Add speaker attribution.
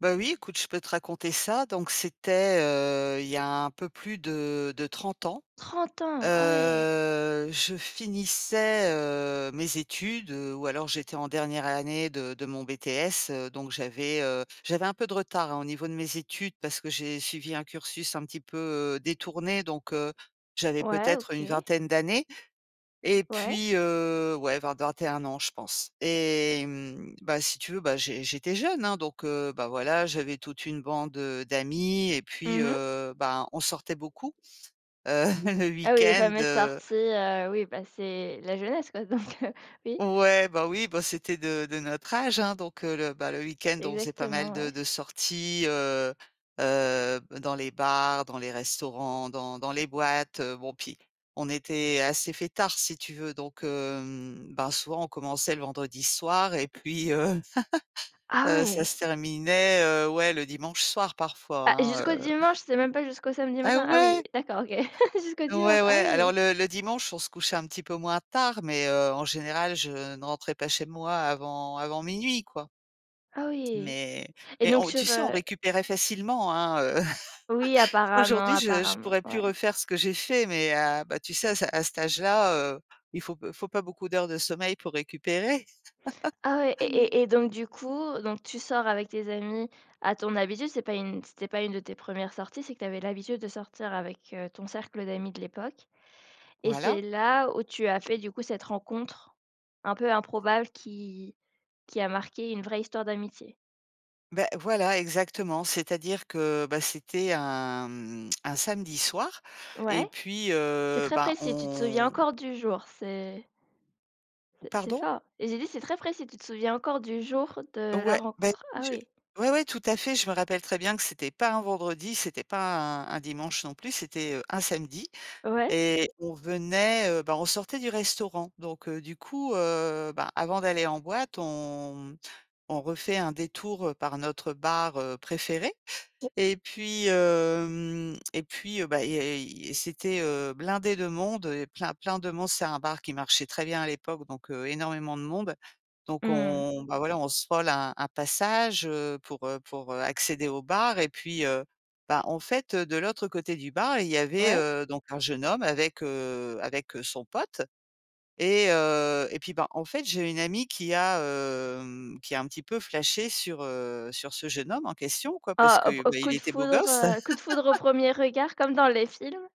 Speaker 1: Bah oui, écoute, je peux te raconter ça. Donc c'était, heu, il y a un peu plus de de 30 ans.
Speaker 2: 30 ans? Ah ouais.
Speaker 1: Heu, je finissais, heu, mes études ou alors j'étais en dernière année de de mon BTS, heu, donc j'avais, heu, j'avais un peu de retard hein au niveau de mes études parce que j'ai suivi un cursus un petit peu, heu, détourné, donc, heu, j'avais
Speaker 2: Ouais
Speaker 1: peut-être une
Speaker 2: OK.
Speaker 1: vingtaine d'années et
Speaker 2: Ouais.
Speaker 1: puis, heu, ouais vers 21 ans, je pense. Et hem, bah si tu veux, bah j'é j'étais jeune hein, donc, heu, bah, voilà, j'avais toute une bande, heu, d'amis et puis,
Speaker 2: Mmh mh.
Speaker 1: heu, bah, on sortait beaucoup, heu, le
Speaker 2: Ah oui les
Speaker 1: week-end,
Speaker 2: fameuses
Speaker 1: heu
Speaker 2: sorties, heu, oui bah c'est la jeunesse quoi donc, heu, oui.
Speaker 1: O ouais, ben, oui, bah, c'était de de notre âge hein. Donc, heu, le, bah, le week-end, on faisait pas mal
Speaker 2: Exactement,
Speaker 1: de
Speaker 2: ouais.
Speaker 1: de sorties, heu heu b dans les bars, dans les restaurants, dans dans les boîtes. Heu, bon, puis on était assez fêtards, si tu veux. Donc, hem, bah, souvent, on commençait le vendredi soir et puis, heu
Speaker 2: Ah
Speaker 1: heu, ça
Speaker 2: ouais!
Speaker 1: se terminait, heu, ouais, le dimanche soir parfois
Speaker 2: Bah
Speaker 1: hein,
Speaker 2: jusqu'au
Speaker 1: heu
Speaker 2: dimanche, c'est même pas jusqu'au samedi
Speaker 1: Ah
Speaker 2: matin? Ah oui,
Speaker 1: ouais?
Speaker 2: d'accord OK. Jusqu'au
Speaker 1: Ouais,
Speaker 2: dimanche.
Speaker 1: ouais
Speaker 2: Ah
Speaker 1: alors
Speaker 2: oui.
Speaker 1: le le dimanche, on se couchait un petit peu moins tard, mais, heu, en général, je ne rentrais pas chez moi avant avant 00:00 quoi.
Speaker 2: Ah oui.
Speaker 1: Mais
Speaker 2: Et
Speaker 1: mais
Speaker 2: donc
Speaker 1: on tu
Speaker 2: sur,
Speaker 1: sais, on
Speaker 2: heu
Speaker 1: récupérait facilement, hein. Heu,
Speaker 2: Oui apparemment,
Speaker 1: aujourd'hui, je je
Speaker 2: apparemment,
Speaker 1: pourrais plus
Speaker 2: ouais.
Speaker 1: refaire ce que j'ai fait, mais, heu, bah tu sais, à ce à cet âge-là, heu, il faut il faut pas beaucoup d'heures de sommeil pour récupérer.
Speaker 2: Ah ouais et et et donc du coup, donc tu sors avec tes amis à ton habitude? C'est pas une c'était pas une de tes 1res sorties, c'est que tu avais l'habitude de sortir avec, heu, ton cercle d'amis de l'époque? Et
Speaker 1: Voilà.
Speaker 2: c'est là où tu as fait du coup cette rencontre un peu improbable qui qui a marquée une vraie histoire d'amitié?
Speaker 1: Beh voilà exactement, c'est-à-dire que bah c'était un, mmh, un samedi soir et
Speaker 2: Ouais.
Speaker 1: puis,
Speaker 2: C'est
Speaker 1: heu,
Speaker 2: très
Speaker 1: bah
Speaker 2: précis, tu te souviens
Speaker 1: on
Speaker 2: encore du jour, c'est
Speaker 1: On
Speaker 2: c'est c'est
Speaker 1: pardon?
Speaker 2: fort et j'ai dit c'est très précis, tu te souviens encore du jour de la
Speaker 1: Ouais, bah,
Speaker 2: rencontre.
Speaker 1: oui,
Speaker 2: Ah
Speaker 1: je
Speaker 2: oui.
Speaker 1: ouais ouais, tout à fait. Je me rappelle très bien que c'était pas un vendredi, c'était pas un un dimanche non plus, c'était, heu, un samedi
Speaker 2: Ouais.
Speaker 1: et on venait, heu, bah on sortait du restaurant. Donc, heu, du coup, heu, bah, avant d'aller en boîte, on m on refait un détour, heu, par notre bar, heu, préféré et puis hem et puis, bah, et i c'était, heu, blindé de monde, plein plein de monde. C'est un bar qui marchait très bien à l'époque, donc, heu, énormément de monde. Donc,
Speaker 2: Mmh.
Speaker 1: on, bah, voilà, on se vole un un passage, heu, pour, heu, pour accéder au bar et puis, heu, bah, en fait, heu, de l'autre côté du bar, il y avait,
Speaker 2: Ouais.
Speaker 1: heu, donc un jeune homme avec, heu, avec, heu, son pote et heu et puis bah en fait, j'ai une amie qui a, hem, qui a un petit peu flashé sur, heu, sur ce jeune homme en question quoi, parce
Speaker 2: Oh op
Speaker 1: que,
Speaker 2: au
Speaker 1: bah, il
Speaker 2: coup de
Speaker 1: était beau
Speaker 2: foudre,
Speaker 1: gosse.
Speaker 2: heu, coup de foudre au 1er regard comme dans les films.